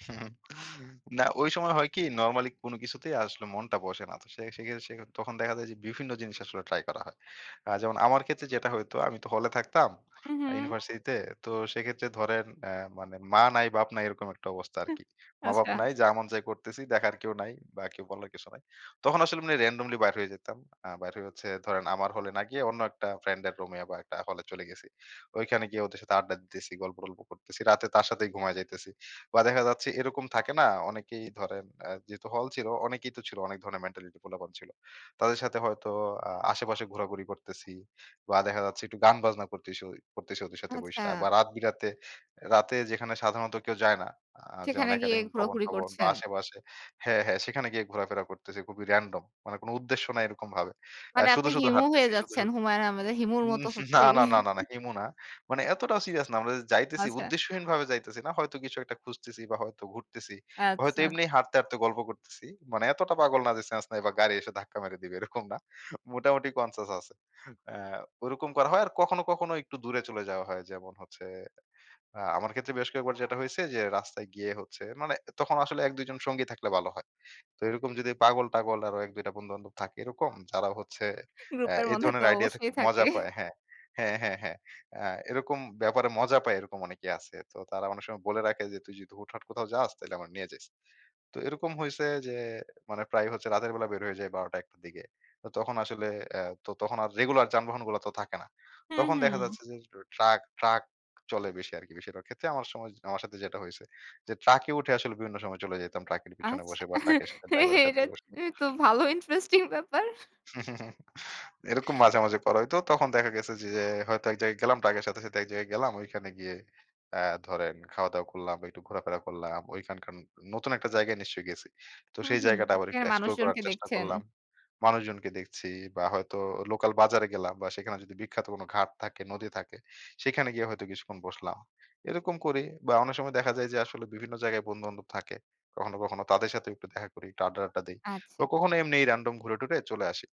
না ওই সময় হয় কি নরমালি কোন কিছুতেই আসলে মনটা বসে না। তো সে সেখে সেক্ষেত্রে তখন দেখা যায় যে বিভিন্ন জিনিস আসলে ট্রাই করা হয়। আ যেমন আমার ক্ষেত্রে যেটা হইতো আমি তো হলে থাকতাম হু, হু। ইউনিভার্সিটি তে। তো সেক্ষেত্রে ধরেন আ মানে মা নাই বাপ নাই এরকম একটা অবস্থা হু, আরকি। মা-বাপ আচ্ছা। নাই যা এমন চাই করতেছি, দেখার কেউ নাই বা কেউ বলার কিছু নাই। তখন আসলে মানে রেনডমলি বাইর হয়ে যেতাম। আ বাইর হয়ে হচ্ছে ধরেন আমার হলে না গিয়ে অন্য একটা ফ্রেন্ডের রুমে বা একটা হলে চলে গেছি। ওইখানে গিয়ে ওদের সাথে আড্ডা দিতেছি, গল্প টল্প করতেছি। রাতে তার সাথেই ঘুমায়ে যাইতেছি। বা দেখা যাচ্ছে এরকম থাকে না? অনেকেই ধরেন আ যেহেতু হল ছিল অনেকেই তো ছিল অনেক ধরনের মেন্টালিটি পোলাপান ছিল। তাদের সাথে হয়তো আ আশেপাশে ঘোরাঘুরি করতেছি বা দেখা যাচ্ছে একটু গান বাজনা করতেছি- করতেছি ওদের সাথে বইসা বা আচ্ছা। রাত বিরাতে রাতে যেখানে সাধারণত কেউ যায় না। আ যেমন সেখানে গিয়ে একাডেমিক ঘোরাঘুরি ভবন-টবন বা করছেন। আশেপাশে হ্যাঁ, হ্যাঁ সেখানে গিয়ে ঘোরাফেরা করতেছি। খুবই র‍্যান্ডম মানে কোন উদ্দেশ্য নাই এরকম ভাবে। আ মানে শুধু, আপনি শুধু, হিমু হয়ে হাঁটতেছি শুধু, যাচ্ছেন শুধু, হুমায়ূন আহমেদের হিমুর মত হচ্ছে না, না, এই? না, না, না হিমু না। মানে এতটা সিরিয়াস না। আমরা যাইতেছি, আচ্ছা। উদ্দেশ্যহীনভাবে যাইতেছি না। হয়তো কিছু একটা খুঁজতেছি বা হয়তো ঘুরতেছি। হয়তো আচ্ছা। এমনি হাঁটতে, হাঁটতে, গল্প করতেছি। মানে এতটা পাগল না যে সেন্স নাই বা গাড়ি এসে ধাক্কা মেরে দিবে। এরকম না মোটামুটি কনসিয়াস আছে। আ ওরকম করা হয় আর কখনো, কখনো একটু দূরে চলে যাওয়া হয় যেমন হচ্ছে, আ আমার ক্ষেত্রে বেশ কয়েকবার যেটা হয়েছে যে রাস্তায় গিয়ে হচ্ছে, মানে তখন আসলে ১-২ জন সঙ্গী থাকলে ভালো হয়। তো এরকম যদি পাগল টাগল আরো ১-২ টা বন্ধু-বান্ধব থাকে এরকম যারা হচ্ছে আ গ্রুপের এ মধ্যে তো ধরনের আইডিয়া তে অবশ্যই খুব থাকে। মজা পায়। হ্যাঁ, হ্যাঁ, হ্যাঁ, হ্যাঁ। আ এরকম ব্যাপারে মজা পায় এরকম অনেকে আছে। তো তারা অনেক সময় বলে রাখে যে, "তুই যদি হুট হাট কোথাও যাস তাহলে আমরা নিয়ে যাইস।" তো এরকম হইছে যে মানে প্রায় হচ্ছে রাতের বেলা বের হয়ে যায় ১২ টা ১ টার দিকে। তখন আসলে অ্যা তো তখন আর রেগুলার যানবাহনগুলা তো থাকে না। হু, তখন দেখা হুম। যাচ্ছে যে ট্রাক, ট্রাক, চলে বেশি আরকি, বেশিরভাগ ক্ষেত্রে আমার সময় আমার সাথে যেটা হইছে। যে ট্রাকে উঠে আসলে বিভিন্ন সময় চলে যেতাম ট্রাকের পেছনে আচ্ছা। বসে বা ট্রাকের সাথে ড্রাইভারের সাথে এটা বসে। তো ভালো ইন্টারেস্টিং ব্যাপার। এরকম মাঝে, মাঝে, করা হইত। তখন দেখা গেছে যে, যে, হয়তো এক জায়গায় গেলাম ট্রাকের সাথে, সাথে, এক জায়গায় গেলাম। ঐখানে গিয়ে আ ধরেন খাওয়া-দাওয়া করলাম একটু ঘোরাফেরা করলাম। ঐখানকার ন নতুন একটা জায়গায় নিশ্চয়ই গেছি। তো হুম, সেই হুম। জায়গাটা আবার একটু সেখানে এক্সপ্লোর করার মানুষজনকে চেষ্টা দেখছেন। করলাম, মানুষজনকে দেখছি, বা হয়তো লোকাল বাজারে গেলাম, বা সেখানে যদি বিখ্যাত কোন ঘাট থাকে, নদী থাকে সেখানে গিয়ে হয়তো কিছুক্ষণ বসলাম। এরকম করি বা অনেক সময় দেখা যায় যে আসলে বিভিন্ন জায়গায় বন্ধু-বান্ধব থাকে। কখনো, কখনো, তাদের সাথে একটু দেখা করি একটু আড্ডা-টাড্ডা দেই। বা আচ্ছা। কখনো এমনি র‍্যান্ডম ঘুরে টুরে চলে আসি।